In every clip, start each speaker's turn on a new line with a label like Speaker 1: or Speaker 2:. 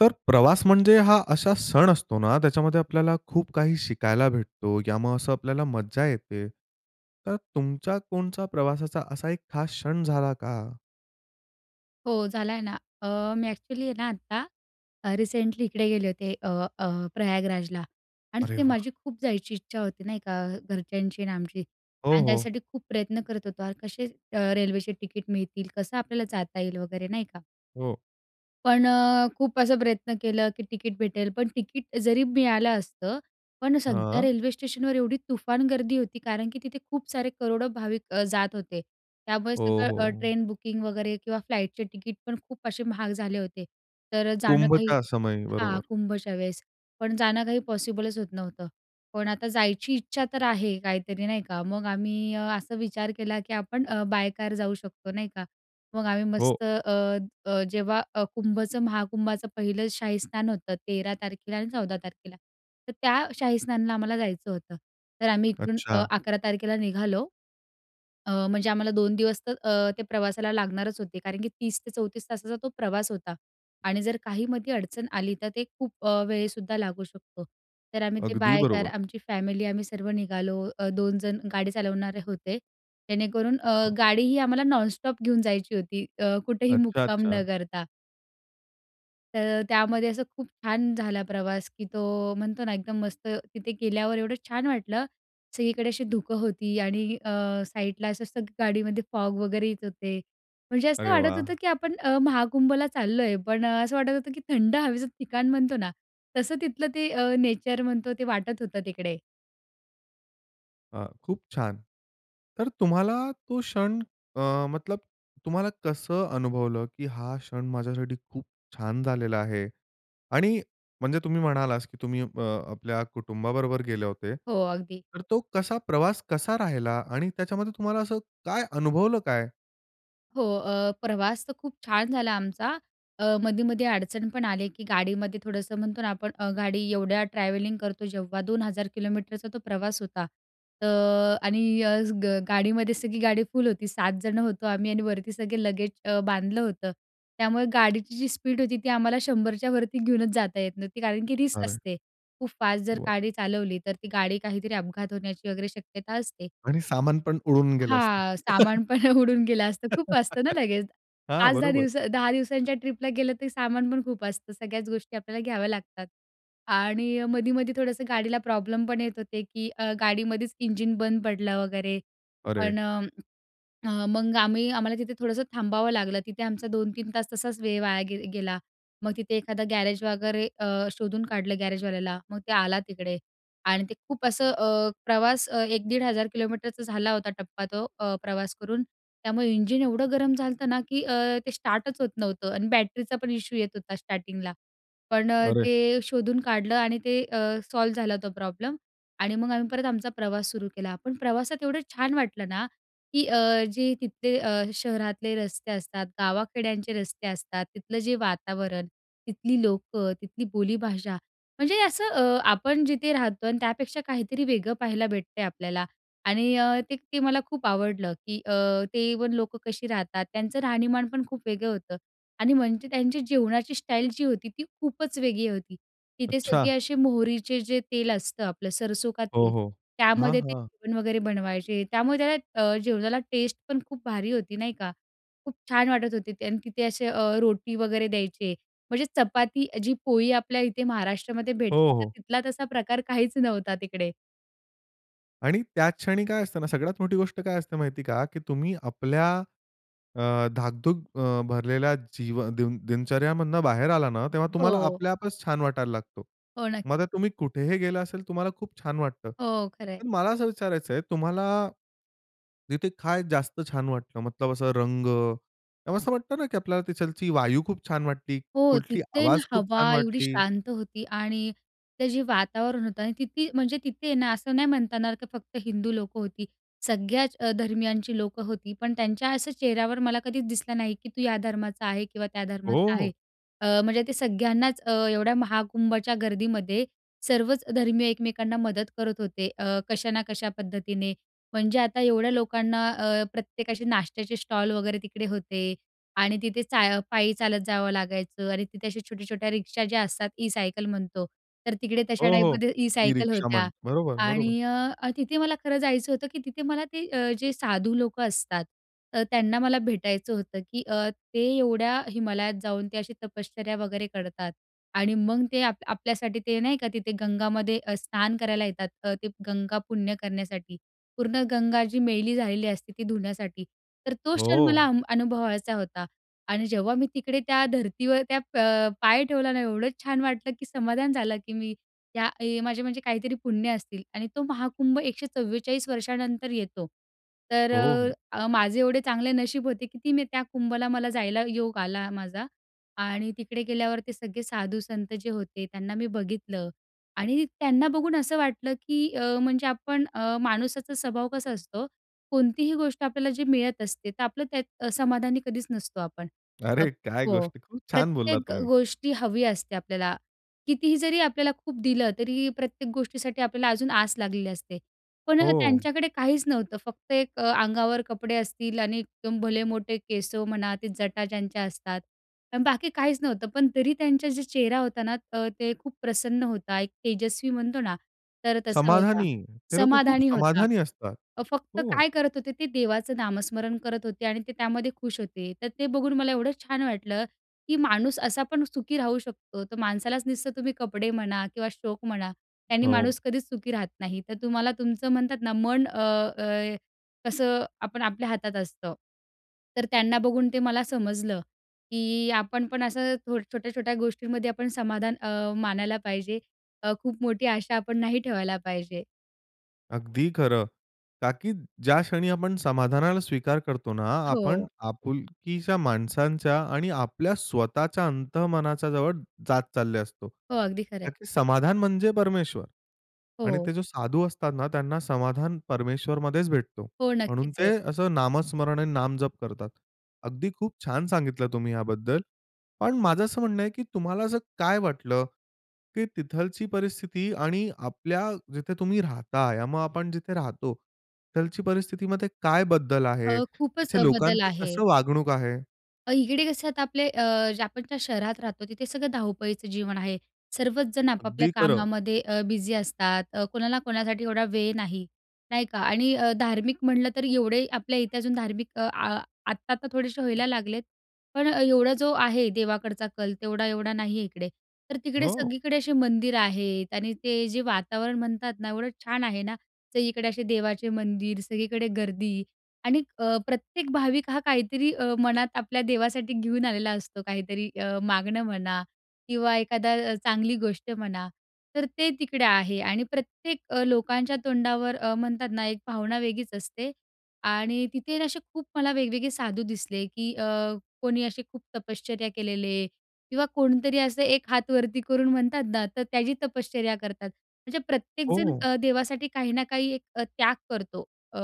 Speaker 1: तर प्रवास म्हणजे हा असा सण असतो ना, त्याच्यामध्ये आपल्याला खूप काही शिकायला भेटतो, या मग असां आपल्याला मज्जा येते. तर तुमच्या कोणत्या प्रवासाचा असा एक खास क्षण झाला का?
Speaker 2: हो, झाला आहे ना. अ, मी एक्चुअली आहे ना आता, अ, रिसेंटली इकडे गेले होते, अ, अ, प्रयागराजला आणि
Speaker 1: अरे
Speaker 2: तिथे
Speaker 1: वाह!
Speaker 2: माझी खूप जायची इच्छा होती नाही का, अ, घरच्यांची आणि आमची
Speaker 1: हो,
Speaker 2: आणि
Speaker 1: हो.
Speaker 2: त्यासाठी खूप प्रयत्न करत होतो अन कसे अ, रेल्वेचे तिकीट मिळतील? कसं आपल्याला जाता येईल वगैरे नाही का.
Speaker 1: हो.
Speaker 2: पण अ, खूप असं प्रयत्न केला, की तिकीट भेटेल पण तिकीट जरी मिळालं असतं पण सगळ्या
Speaker 1: हां.
Speaker 2: रेल्वे स्टेशनवर एवढी तुफान गर्दी होती कारण की तिथे खूप सारे करोडो भाविक अ, जात होते. त्यामुळे
Speaker 1: हो,
Speaker 2: सगळं अ,
Speaker 1: हो.
Speaker 2: ट्रेन बुकिंग वगैरे किंवा फ्लाईटचे तिकीट पण खूप असे महाग झाले होते. तर अ, जाणं काही
Speaker 1: कुंभच्या समय,
Speaker 2: हां,
Speaker 1: बरोबर.
Speaker 2: कुंभच्या वेळेस. पण जाणं काही पॉसिबलच होत नव्हतं. पण आता जायची इच्छा तर आहे काहीतरी नाही का. मग आम्ही अ, असा विचार केला, की आपण अ, बाय काऱ् जाऊ शकतो नाही का. मग आम्ही
Speaker 1: हो.
Speaker 2: मस्त अ, अ, जेव्हा अ, कुंभचं, महाकुंभाचं पहिलं शाही स्नान होतं, 13 तारखेला आणि 14 तारखेला. तर त्या शाहीस्नानला आम्हाला जायचं होतं. तर आम्ही इकडून अ,
Speaker 1: अच्छा.
Speaker 2: 11 तारखेला निघालो, अ, म्हणजे आम्हाला 2 दिवस तर अ, ते प्रवासाला लागणारच होते. कारण की 30 ते 34 तासाचा तो प्रवास होता आणि जर काही मध्ये अडचण आली तर ते खूप अ, वेळसुद्धा लागू शकतो. तर आम्ही ते
Speaker 1: अगदी
Speaker 2: बाय कार
Speaker 1: बरोबर.
Speaker 2: आमची फॅमिली, आम्ही सर्व निघालो, अ, 2 जण गाडी चालवणारे होते. जेणेकरून अ,
Speaker 1: हां.
Speaker 2: गाडीही आम्हाला नॉनस्टॉप घेऊन जायची होती अ, कुठेही
Speaker 1: अच्छा,
Speaker 2: मुक्काम
Speaker 1: अच्छा.
Speaker 2: न करता. तर त्यामध्ये असं खूप छान झाला प्रवास, की तो म्हणतो ना, एकदम मस्त तिथे गेल्यावर एवढं छान वाटलं ,सगळीकडे अशी धुकं होती, आणि अ, साईडला असं असतं गाडीमध्ये फॉग वगैरे येत होते. म्हणजे असं
Speaker 1: अरे
Speaker 2: वाटत
Speaker 1: वाह!
Speaker 2: होतं की आपण अ, महाकुंभला चाललोय, पण असं वाटत होतं की थंड हवेचं ठिकाण म्हणतो ना, तसं तिथलं ते अ, नेचर म्हणतो ते वाटत होतं तिकडे.
Speaker 1: अ, खूप छान. तर तुम्हाला तो क्षण अ, मतलब तुम्हाला कसं अनुभवलं, की हा क्षण माझ्यासाठी खूप छान झालेला आहे? आणि म्हणजे तुम्ही म्हणालात, की तुम्ही अ, आपल्या कुटुंबाबरोबर गेले होते,
Speaker 2: हो, अगदी.
Speaker 1: तर तो कसा प्रवास कसा राहिला, आणि त्याच्यामध्ये तुम्हाला असं काय अनुभवलं काय?
Speaker 2: हो. अ, प्रवास तर खूप छान झाला आमचा. अ, मधे-मधे अडचण पण आली, की गाडीमध्ये थोडंसं म्हणतो ना आपण, गाडी एवढ्या ट्रॅव्हलिंग करतो जेव्हा, 2,000 किलोमीटरचा तो प्रवास होता. तर आणि गा गाडीमध्ये सगळी गाडी फुल होती, 7 जण होतो आम्ही आणि वरती सगळे लगेज अ, बांधलं होतं. त्यामुळे गाडीची जी स्पीड होती, ती आम्हाला 100 च्या वरती घेऊनच जाता येत नव्हती, कारण की रिस्क
Speaker 1: अरे!
Speaker 2: असते. खूप फास्ट जर गाडी चालवली, तर ती गाडी काहीतरी अपघात होण्याची वगैरे शक्यता असते.
Speaker 1: आणि सामान पण उडून गेलं असतं.
Speaker 2: हां. सामान पण उडून गेलं असतं, खूप असतं ना लगेज.
Speaker 1: हां,
Speaker 2: 5-10
Speaker 1: बरोबर.
Speaker 2: दिवस 10 दिवसांच्या ट्रिपला गेलंतर सामान पण खूप असतं, सगळ्याच गोष्टी आपल्याला घ्याव्या लागतात. आणि मधी-मधी थोडंसं गाडीला प्रॉब्लेम पण येत होते, की अ, गाडीमध्येच इंजिन बंद पडलं वगैरे,
Speaker 1: अरे!
Speaker 2: पण अ, मग आम्ही आम्हाला तिथे थोडंसं थांबावं लागलं. तिथे आमचा 2-3 तास तसाच वेळ वाया गे अ, गेला. मग तिथे एखादा गॅरेज वगैरे अ, शोधून काढलं गॅरेजवाल्याला, मग ते आला तिकडे. आणि ते खूप असं अ, प्रवास 1,000-1,500 किलोमीटरचा झाला होता टप्पा तो, अ, प्रवास करून. त्यामुळे इंजिन एवढं गरम झालं ना, की अ, ते स्टार्टच होत नव्हतं आणि बॅटरीचा पण इशू येत होता स्टार्टिंगला. पण अ,
Speaker 1: अरे!
Speaker 2: ते शोधून काढलं आणि ते अ, सॉल्व झाला तो प्रॉब्लम. आणि मग आम्ही परत आमचा प्रवास सुरू केला. पण प्रवासात एवढं छान वाटलं ना, की अ, जे तिथले अ, शहरातले रस्ते असतात, गावाखेड्यांचे रस्ते असतात, तिथलं जे वातावरण, तिथली लोकं, तिथली बोलीभाषा. म्हणजे असं अ, आपण जिथे राहतो आणि त्यापेक्षा काहीतरी वेगळं पाहायला भेटते आपल्याला आणि ते ते मला खूप आवडलं, की अ, ते इव्हन लोकं कशी राहतात, त्यांचं राहणीमान पण खूप वेगळं होतं. आणि म्हणजे त्यांची जेवणाची स्टाईल जी होती, ती खूपच वेगळी होती. तिथे सगळे
Speaker 1: अच्छा!
Speaker 2: असे मोहरीचे जे तेल असतं आपलं, सरसो का
Speaker 1: हो,
Speaker 2: तेल,
Speaker 1: हो. हां,
Speaker 2: त्यामध्ये ते
Speaker 1: हां.
Speaker 2: जेवण वगैरे बनवायचे, त्यामुळे त्याला जेवणाला अ, टेस्ट पण खूप भारी होती, नाही का. खूप छान वाटत होते ते. आणि तिथे असे अ, रोटी वगैरे द्यायचे. म्हणजे चपाती जी पोळी आपल्या इथे महाराष्ट्रामध्ये
Speaker 1: हो,
Speaker 2: भेटते, तर
Speaker 1: हो.
Speaker 2: तिथला तसा प्रकार काहीच नव्हता तिकडे.
Speaker 1: आणि त्याचं क्षणी काय असतं ना, सगळ्यात मोठी गोष्ट काय असते माहिती आहे का? की तुम्ही आपल्या अ, धकाधकीने अ, भरलेल्या जीवन दिन दिनचर्यामधून बाहेर आला ना, तेव्हा तुम्हाला
Speaker 2: हो.
Speaker 1: आपल्या आपचं छान वाटायला लागतो.
Speaker 2: हो
Speaker 1: मग आता
Speaker 2: नक्की.
Speaker 1: तुम्ही कुठेही गेला असेल तुम्हाला खूप छान वाटतं.
Speaker 2: हो, खरं आहे.
Speaker 1: पण मला असं विचारायचं आहे तुम्हाला, तिथे काय जास्त छान वाटलं मतलब असं रंग ते असं वाटतं ना की आपल्याला तिथालची वायू खूप छान वाटली,
Speaker 2: हो.
Speaker 1: कुठली
Speaker 2: तिथे ना
Speaker 1: आवाज खूप
Speaker 2: हवा
Speaker 1: छान
Speaker 2: एवढी
Speaker 1: वाटली.
Speaker 2: शांत होती. आणि ते जे वातावरण होतं आणि तिथे म्हणजे तिथे ना असं नाही म्हणत येणार की फक्त हिंदू लोकं होती. सगळ्याचं अ, धर्मीयांची लोकं होती. पण त्यांच्या असं चेहऱ्यावर मला कधीचं दिसलं नाही की तू या धर्माचा आहे किंवा त्या धर्माचा आहे.
Speaker 1: हो.
Speaker 2: अ, म्हणजे ते सगळ्यांनाचं अ, एवढ्या महाकुंभच्या गर्दीमध्ये सर्वचं धर्मीय एकमेकांना मदत करत होते. अ, कशा ना कशा पद्धतीने. म्हणजे आता एवढ्या लोकांना अ, प्रत्येकाचे नाश्त्याचे स्टॉल वगैरे तिकडे होते. आणि तिथे चा पायी चालत जावं लागायचं आणि तिथे अशा छोट्या-छोट्या रिक्षा ज्या असतात ई सायकल म्हणतो. तर तिकडे तशा
Speaker 1: हो, हो.
Speaker 2: टाईपमध्ये ई
Speaker 1: ई
Speaker 2: सायकल
Speaker 1: रिक्षा
Speaker 2: होत्या
Speaker 1: म्हण् बरोबर, बरोबर.
Speaker 2: आणि अ, तिथे मला खरं जायचं होतं की तिथे मला ते अ, जे साधू लोकं असतात अ, त्यांना मला भेटायचं होतं की अ, ते एवढ्या हिमालयात जाऊन ते अशी तपश्चर्या वगैरे करतात. आणि मग ते आ आपल्यासाठी ते नाही का तिथे गंगामध्ये स्नान करायला येतात. अ, ते गंगा पुण्य करण्यासाठी. पूर्ण गंगा जी मैली झालेली असते ती धुण्यासाठी. तर तो क्षण मला
Speaker 1: हो.
Speaker 2: अ, अनुभवायचा होता. आणि जेव्हा मी तिकडे त्या धरतीवर त्या प पाय ठेवला ना एवढं छान वाटलं की समाधान झालं की मी या माझे म्हणजे काहीतरी पुण्य असतील. आणि तो महाकुंभ 144 वर्षानंतर येतो. तर
Speaker 1: हो, हो.
Speaker 2: अ, माझे एवढे चांगले नशीब होते की ती मी त्या कुंभला मला जायला योग आला माझा. आणि तिकडे गेल्यावर ते सगळे साधू-संत जे होते त्यांना मी बघितलं आणि त्यांना बघून असं वाटलं की अ, म्हणजे आपण अ, माणुसाचा स्वभाव कसा असतो कोणतीही गोष्ट आपल्याला जे मिळत असते. तर आपलं त्यात समाधानी कधीचं नसतो आपण. अ,
Speaker 1: अरे काय
Speaker 2: हो.
Speaker 1: गोष्टी, खूप छान बोललात
Speaker 2: प्रत्येक
Speaker 1: तुम्ही.
Speaker 2: गोष्टी हवी असते आपल्याला. कितीही जरी आपल्याला खूप दिलं तरी प्रत्येक गोष्टीसाठी आपल्याला अजून आस लागलेली असते. पण
Speaker 1: हो.
Speaker 2: त्यांच्याकडे काहीचं नव्हतं फक्त एक अ, अंगावर कपडे असतील आणि एकदम भले मोठे केस म्हणा ते जटा ज्यांच्या असतात. आणि बाकी काहीचं नव्हतं पण तरी त्यांचा जे चेहरा होता ना त ते खूप प्रसन्न होता. एक तेजस्वी म्हणतो ना तर तसा होता.
Speaker 1: समाधानी. ते लोकं खूप
Speaker 2: समाधानी होता.
Speaker 1: समाधानी असतात.
Speaker 2: अ, फक्त
Speaker 1: हो.
Speaker 2: काय करत होते ते देवाचं नामस्मरण करत होते आणि ते त्यामध्ये खुश होते. तर ते बघून मला एवढं छान वाटलं की माणूस असा पण सुखी राहू शकतो. तर माणसालाच नसतं तुम्ही कपडे म्हणा किंवा शोक म्हणा त्याने
Speaker 1: हो.
Speaker 2: माणूस कधीचं सुखी राहत नाही. तर तुम्हाला तुमचं म्हणतात ना मन अ, अ, कसं आपण आपल्या हातात असतं. तर त्यांना बघून ते मला समजलं की आपण पण असं छोट्या-छोट्या गोष्टींमध्ये आपण समाधान अ, मानायला पाहिजे. अ, खूप मोठी आशा आपण नाही ठेवायला पाहिजे.
Speaker 1: अगदी खरं. कारण की ज्या क्षणी आपण समाधानाला स्वीकार करतो ना, आपण
Speaker 2: हो.
Speaker 1: आपुलकीच्या माणसांच्या आणि आपल्या स्वतःच्या अंतःमनाच्या जवळ जात चालले असतो.
Speaker 2: हो. अगदी खरं
Speaker 1: कारण
Speaker 2: आहे.
Speaker 1: की समाधान म्हणजे परमेश्वर. आणि
Speaker 2: हो.
Speaker 1: ते जो साधू असतात ना, त्यांना समाधान परमेश्वरमध्येच भेटतो.
Speaker 2: हो.
Speaker 1: म्हणून
Speaker 2: नक्कीच
Speaker 1: ते
Speaker 2: आहे.
Speaker 1: असं नामस्मरण आणि नामजप करतात. अगदी खूप छान सांगितलं तुम्ही याबद्दल. पण माझं असं म्हणणं आहे की तुम्हाला असं काय वाटलं, की तिथलची परिस्थिती आणि आपल्या जिथे तुम्ही राहताय, मग आपण जिथे राहतो तिथलची परिस्थितीमध्ये काय बदल आहे?
Speaker 2: अ, खूपच
Speaker 1: तिथे
Speaker 2: अ, बदल
Speaker 1: लोकांचे
Speaker 2: आहे.
Speaker 1: कसं वागणूक आहे?
Speaker 2: अ, इकडे कसं आता आपले अ, जे आपण ज्या शहरात राहतो तिथे सगळं धावपळीचं जीवन आहे. सर्वचजण आपापल्या
Speaker 1: अगदी खरं.
Speaker 2: कामामध्ये अ, बिझी असतात. अ, कोणाला कोणासाठी एवढा वेळ नाही, नाही का? आणि अ, धार्मिक म्हटलं तर एवढे आपल्या इथे अजून धार्मिक आ आत्ता, आत्ता थोडेसे
Speaker 1: हं.
Speaker 2: व्हायला लागलेत. पण अ, एवढा जो आहे देवाकडचा कल, तेवढा एवढा नाही आहे इकडे. तर तिकडे
Speaker 1: हो.
Speaker 2: सगळीकडे असे मंदिर आहेत आणि ते जे वातावरण म्हणतात ना, एवढं छान आहे ना, तर इकडे असे देवाचे मंदिर, सगळीकडे गर्दी आणि अ, प्रत्येक भाविक हा काहीतरी अ, मनात आपल्या देवासाठी घेऊन आलेला असतो काहीतरी अ, मागणं म्हणा किंवा एखादा चांगली गोष्ट म्हणा. तर ते तिकडे आहे आणि प्रत्येक अ, लोकांच्या तोंडावर अ, म्हणतात ना, एक भावना वेगळीच असते आणि तिथे ना असे खूप मला वेगवेगळे साधू दिसले, की अ, कोणी असे खूप तपश्चर्या केलेले किंवा कोणीतरी असं एक हात वरती करून म्हणतात ना. तर त्याची तपश्चर्या करतात. म्हणजे प्रत्येकजण
Speaker 1: हो.
Speaker 2: अ, देवासाठी काही ना काही एक त्याग करतो. अ,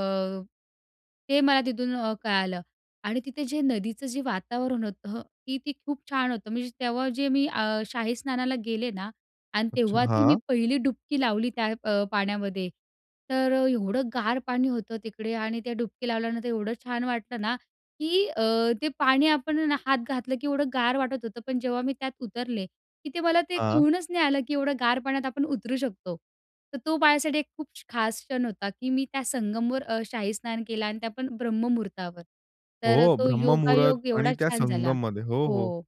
Speaker 2: ते मला तिथून अ, कळालं आणि तिथे जे नदीचं जे वातावरण होतं, की ते खूप छान होतं म्हणजे. तेव्हा जे मी अ, शाही स्नानाला गेले ना आणि
Speaker 1: अच्छा.
Speaker 2: तेव्हा ती मी
Speaker 1: हां.
Speaker 2: पहिली डुबकी लावली त्या अ, पाण्यामध्ये. तर अ, एवढं गार पाणी होतं तिकडे आणि त्या डुबकी लावल्यानंतर एवढं छान वाटलं ना, की अ, ते पाणी आपणना हात घातलं की एवढं गार वाटत होतं. पण जेव्हा मी त्यात उतरले की ते मला ते
Speaker 1: हां.
Speaker 2: कळूनच नाही आलं की एवढं गार पाण्यात आपण उतरू शकतो. तर तो माझ्यासाठी खूप क्ष खास क्षण होता की मी त्या संगमवर अ, शाही स्नान केलं आणि त्या पण ब्रह्ममुहूर्तावर. तर अ,
Speaker 1: हो,
Speaker 2: तो
Speaker 1: ब्रह्ममुहूर्त
Speaker 2: योगायोग
Speaker 1: आणि
Speaker 2: एवढा
Speaker 1: त्या
Speaker 2: छान झाला.
Speaker 1: संगममध्ये. हो, हो.
Speaker 2: हो.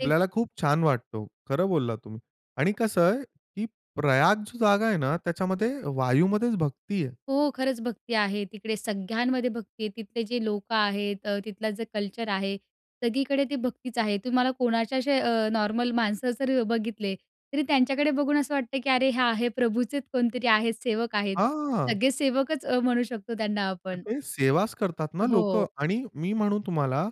Speaker 2: ते
Speaker 1: खूप छान वाटतो. खरं बोललात तुम्ही. आणि कस आहे, की प्रयाग जी जागा आहे ना, त्याच्यामध्ये वायूमध्येच भक्ती आहे.
Speaker 2: हो. खरंच भक्ती आहे. तिकडे सगळ्यांमध्ये भक्ती आहे. तिथले जे लोकं आहेत अ, तिथलं जे कल्चर आहे, सगळीकडे ते भक्तीच आहे. तुम्हाला कोणाच्या असे अ, नॉर्मल माणसं जर बघितले, तरी त्यांच्याकडे बघून असं वाटतं की, "अरे, हा, हे प्रभूचेच कोणतरी आहेत, सेवक आहेत."
Speaker 1: हां.
Speaker 2: सगळे सेवकच अ, म्हणू शकतो त्यांना आपण.
Speaker 1: तिथे सेवाच करतात
Speaker 2: अ,
Speaker 1: ना लोकं.
Speaker 2: हो.
Speaker 1: आणि मी म्हणू तुम्हाला,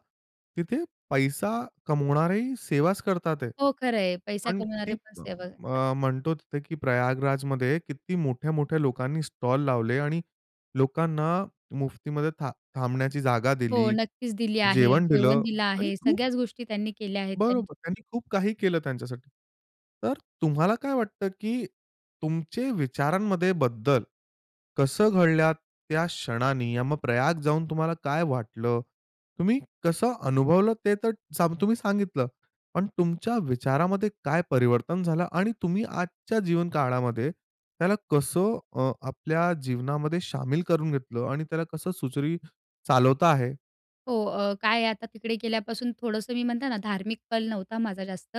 Speaker 1: तिथे पैसा कमावणारेही सेवाच करत आहेत.
Speaker 2: हो. खरं आहे, पैसा
Speaker 1: पण किती
Speaker 2: कमावणारे पण सेवा करतात.
Speaker 1: अ, म्हणतो तिथे की प्रयागराजमध्ये किती मोठ्या-मोठ्या लोकांनी स्टॉल लावले आणि लोकांना मुफ्तीमध्ये था थांबण्याची जागा
Speaker 2: हो
Speaker 1: दिली,
Speaker 2: नक्कीच दिली आहे,
Speaker 1: जेवण
Speaker 2: जेवण
Speaker 1: दिलं
Speaker 2: दिलं
Speaker 1: आणि
Speaker 2: आहे.
Speaker 1: खूप
Speaker 2: सगळ्याच गोष्टी त्यांनी केल्या आहेत त्यांच्या
Speaker 1: बरोबर. त्यांनी खूप काही केलं त्यांच्यासाठी. तर तुम्हाला काय वाटतं, की तुमचे विचारांमध्ये बदल, कसं घडल्यात त्या क्षणांनी या मग प्रयाग जाऊन तुम्हाला काय वाटलं? तुम्ही कसं अनुभवलं ते तर सांं तुम्ही सांगितलं, पण तुमच्या विचारामध्ये काय परिवर्तन झालं आणि तुम्ही आजच्या जीवनकाळामध्ये त्याला कसं अ, आपल्या जीवनामध्ये सामील करून घेतलं आणि त्याला कसं सुरळीत अ, चालवता आहे?
Speaker 2: हो, अ, काय आहे आता तिकडे गेल्यापासून थोडंसं मी म्हणते ना, धार्मिक क्षण नव्हता माझा जास्त.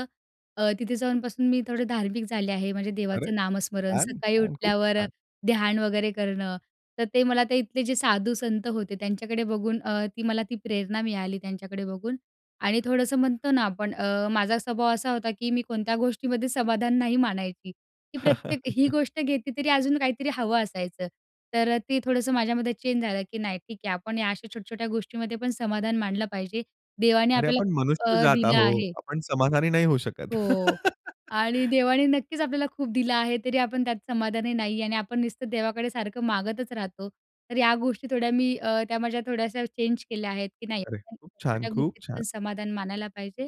Speaker 2: अ, तिथे जाऊनपासून मी थोडे धार्मिक झाले आहे. म्हणजे
Speaker 1: अरे!
Speaker 2: देवाचं नामस्मरण
Speaker 1: छान,
Speaker 2: सकाळी
Speaker 1: छान, खूप
Speaker 2: उठल्यावर,
Speaker 1: छान.
Speaker 2: ध्यान वगैरे करणं तर, ते मला ते तिथले जे साधूसंत होते, त्यांच्याकडे बघून अ, ती मला ती प्रेरणा मिळाली त्यांच्याकडे बघून. आणि थोडंसं म्हणतो ना, आपण अ, माझा स्वभाव असा होता की, मी कोणत्या गोष्टीमध्ये समाधान नाही मानायची, की प्रत्येक ही गोष्ट घेतली तरी अजून काहीतरी हवं असायचं. तर, ते थोडंसं माझ्यामध्ये चेंज झालं की, नाही ठीक आहे. आपण या अशा छोट्या-छोट्या गोष्टीमध्ये पण समाधान मानलं पाहिजे. देवाने
Speaker 1: अरे
Speaker 2: आपल्याला
Speaker 1: आपण
Speaker 2: खूप
Speaker 1: मनुष्य
Speaker 2: अ,
Speaker 1: जात
Speaker 2: दिलं
Speaker 1: आहोत,
Speaker 2: आहे.
Speaker 1: आपण समाधानी नाही होऊ शकत.
Speaker 2: हो. आणि देवाने नक्कीच आपल्याला खूप दिलं आहे. तरी, आपण त्यात समाधानी नाही आणि आपण नुसतं देवाकडे सारखं मागतच राहतो. तर या गोष्टी थोड्या मी अ, त्या माझ्या थोड्याशा चेंज केल्या आहेत. की नाही
Speaker 1: अरे!
Speaker 2: [unintelligible]
Speaker 1: खूप छान,
Speaker 2: छोट्या
Speaker 1: खूप
Speaker 2: गोष्टीत
Speaker 1: छान.
Speaker 2: पण समाधान मानायला पाहिजे.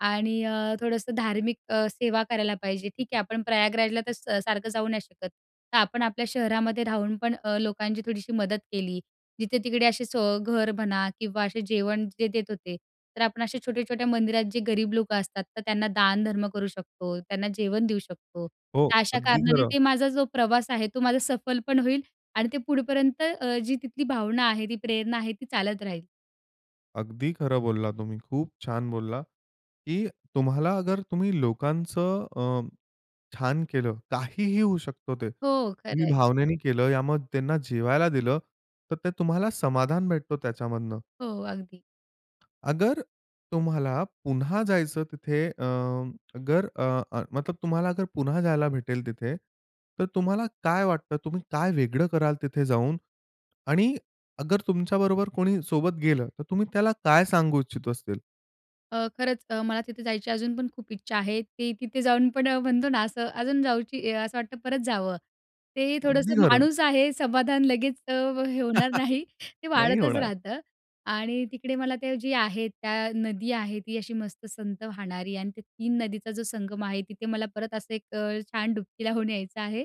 Speaker 2: आणि अ, थोडंसं धार्मिक अ, सेवा करायला पाहिजे. ठीक आहे आपण प्रयागराजला तर स सारखं जाऊ नाही शकत. तर, आपण आपल्या शहरामध्ये राहुन पण ,अ लोकांची थोडीशी मदत केली, जिथे तिकडे असे घर म्हणा किंवा असे जेवण जे देत होते. तर, आपण अशा छोट्या, छोट्या मंदिरात जे गरीब लोकं असतात तर, त्यांना दानधर्म करू शकतो, त्यांना जेवण देऊ शकतो.
Speaker 1: हो,
Speaker 2: तर अशा
Speaker 1: अगदी
Speaker 2: कारणाने
Speaker 1: खरं.
Speaker 2: ते माझा जो प्रवास आहे, तो माझा सफल पण होईल आणि ते पुढेपर्यंत अ, जी तिथली भावना आहे, ती प्रेरणा आहे ती चालत राहील.
Speaker 1: अगदी खरं बोलला तुम्ही. खूप छान बोलला. की तुम्हाला अगर, तुम्ही लोकांचं अ, छान केलं, काहीही होऊ शकतो ते.
Speaker 2: हो, खरं
Speaker 1: तुम्ही
Speaker 2: आहे.
Speaker 1: भावनेने केलं, या मग त्यांना जेवायला दिलं, तर ते तुम्हाला समाधान भेटतो त्याच्यामधनं.
Speaker 2: हो, अगदी.
Speaker 1: अगर, तुम्हाला पुन्हा जायचं तिथे, अ, अगर अ, अ मतलब तुम्हाला अगर पुन्हा जायला भेटेल तिथे, तर तुम्हाला काय वाटतं तुम्ही काय वेगळं कराल तिथे जाऊन आणि अगर तुमच्याबरोबर कोणी सोबत गेलं, तर तुम्ही त्याला काय सांगू इच्छितो असेल?
Speaker 2: अ, खरंच अ, मला तिथे जायची अजून पण खूप इच्छा आहे. ते तिथे जाऊन पण अ, म्हणतो ना, असं अजून जाऊची अ, असं वाटतं परत जावं. ते
Speaker 1: अगदी
Speaker 2: थोडंसं
Speaker 1: खरं.
Speaker 2: माणूस आहे समाधान लगेच अ, हे होणार नाही, ते
Speaker 1: नाही
Speaker 2: वाढतच
Speaker 1: होणार.
Speaker 2: राहतं. आणि तिकडे मला ते जे आहे त्या नदी आहे ती अशी मस्त संत वाहणारी आणि, ते 3 नदीचा जो संगम आहे, तिथे मला परत असं एक अ, छान डुबकी लावून यायचं आहे.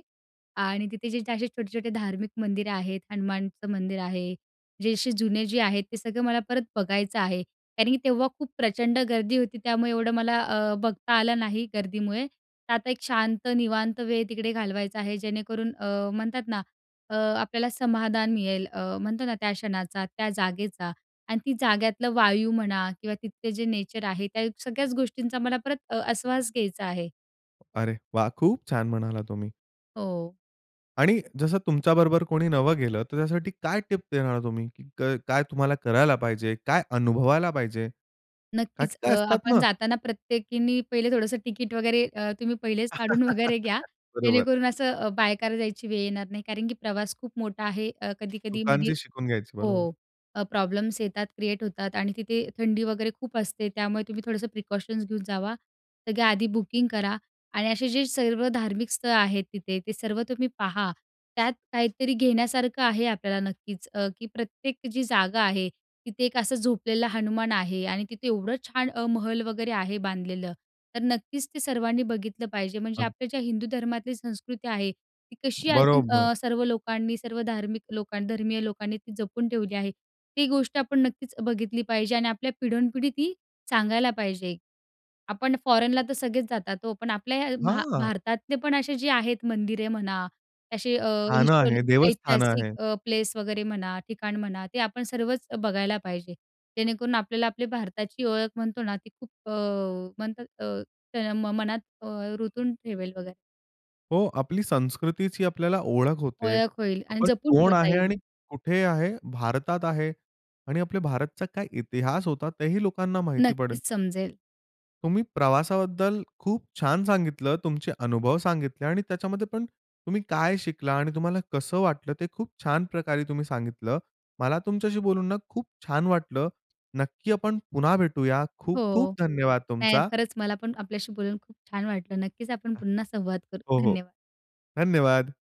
Speaker 2: आणि तिथे जे, त असे छोटे-छोटे धार्मिक मंदिरे आहेत हनुमानचं मंदिर आहे, जे असे जुने जे आहेत, ते सगळं मला परत बघायचं आहे. कारण की तेव्हा खूप प्रचंड गर्दी होती त्यामुळे एवढं मला अ, बघता आलं नाही गर्दीमुळे. तर आता एक शांत, निवांत वेळ तिकडे घालवायचा आहे जेणेकरून अ, म्हणतात ना अ, आपल्याला समाधान मिळेल. अ, म्हणतो ना त्या क्षणाचा, त्या जागेचा आणि ती जागेतलं वायू म्हणा किंवा तिथले जे नेचर आहे, त्या सगळ्याच गोष्टींचा मला परत अ, आश्वास घ्यायचा आहे.
Speaker 1: अरे वाह! खूप छान म्हणाला तुम्ही.
Speaker 2: हो.
Speaker 1: आणि जसं तुमच्या बरोबर कोणी नवं गेलं तर त्यासाठी काय टिप देणार तुम्ही, क काय तुम्हाला करायला पाहिजे? काय अनुभवायला पाहिजे? का की
Speaker 2: नक्कीच. अ,
Speaker 1: काय असतात
Speaker 2: आपण
Speaker 1: ना
Speaker 2: जाताना प्रत्येकीनी पहिले थोडंसं तिकीट वगैरे अ, तुम्ही पहिलेच काढून वगैरे घ्या,
Speaker 1: बरोबर.
Speaker 2: जेणेकरून असं अ, बायकार जायची वेळ येणार नाही. कारण, की प्रवास खूप मोठा आहे, कधी-कधी मध्ये
Speaker 1: चुकांची शिकून घ्यायची.
Speaker 2: हो.
Speaker 1: बरोबर.
Speaker 2: अ, प्रॉब्लेम्स येतात, क्रिएट होतात आणि तिथे थंडी वगैरे खूप असते. त्यामुळे तुम्ही थोडंसं प्रिकॉशन्स घेऊन जावा. सगळ्या आधी बुकिंग करा आणि असे जे सर्व धार्मिक स्थळं आहेत तिथे, ते सर्व तुम्ही पहा, त्यात काहीतरी घेण्यासारखं आहे. आपल्याला नक्कीच. अ, की प्रत्येक जी जागा आहे तिथे एक असं झोपलेला आहे हनुमान आहे आणि तिथे एवढं छान महल वगैरे आहे बांधलेलं. तर नक्कीच ते सर्वांनी बघितलं पाहिजे म्हणजे.
Speaker 1: अग
Speaker 2: आपल्या ज्या हिंदू धर्मातली संस्कृती आहे ती कशी अजून
Speaker 1: बरोबर.
Speaker 2: अ, सर्व लोकांनी सर्व धार्मिक लोकांन धर्मीय लोकांनी ती जपून ठेवली आहे, ती गोष्ट आपण नक्कीच बघितली पाहिजे आणि आपल्या पिढोनपिढी ती सांगायला पाहिजे. आपण फॉरेनला तर सगळेच जातात हो, पण आपल्या या भा
Speaker 1: हां.
Speaker 2: भारतातले पण असे जे आहेत मंदिरे म्हणा, असे अ,
Speaker 1: स्थानं
Speaker 2: हिस्टो
Speaker 1: आहे, देवस्थान
Speaker 2: ऐतिहासिक
Speaker 1: आहे.
Speaker 2: प्लेस वगैरे म्हणा, ठिकाण म्हणा ते आपण सर्वच बघायला पाहिजे. जेणेकरून आपल्याला आपली भारताची ओळख म्हणतो ना ती खूप अ, म्हणतात अ, म मनात अ, रुतून ठेवेल वगैरे.
Speaker 1: हो, आपली संस्कृतीची आपल्याला ओळख होते.
Speaker 2: ओळख होईल. आणि
Speaker 1: आपण
Speaker 2: जपून
Speaker 1: कोण
Speaker 2: ठेवता
Speaker 1: आहे
Speaker 2: येईल.
Speaker 1: आणि कुठे आहे, भारतात आहे आणि आपले भारतचा काय इतिहास होता. तेही लोकांना माहिती पडेल.
Speaker 2: नक्कीच समजेल.
Speaker 1: तुम्ही प्रवासाबद्दल खूप छान सांगितलं, तुमचे अनुभव सांगितले आणि त्याच्यामध्ये पण तुम्ही काय शिकला आणि तुम्हाला कसं वाटलं, ते खूप छान प्रकारे तुम्ही सांगितलं. मला तुमच्याशी बोलून ना खूप छान वाटलं. नक्की आपण पुन्हा भेटूया. खूप खूप
Speaker 2: हो.
Speaker 1: धन्यवाद
Speaker 2: नाही,
Speaker 1: तुमचा.
Speaker 2: खरंच मला पण आपल्याशी बोलून खूप छान वाटलं. नक्कीच आपण पुन्हा संवाद करू.
Speaker 1: हो, हो.
Speaker 2: धन्यवाद.
Speaker 1: धन्यवाद.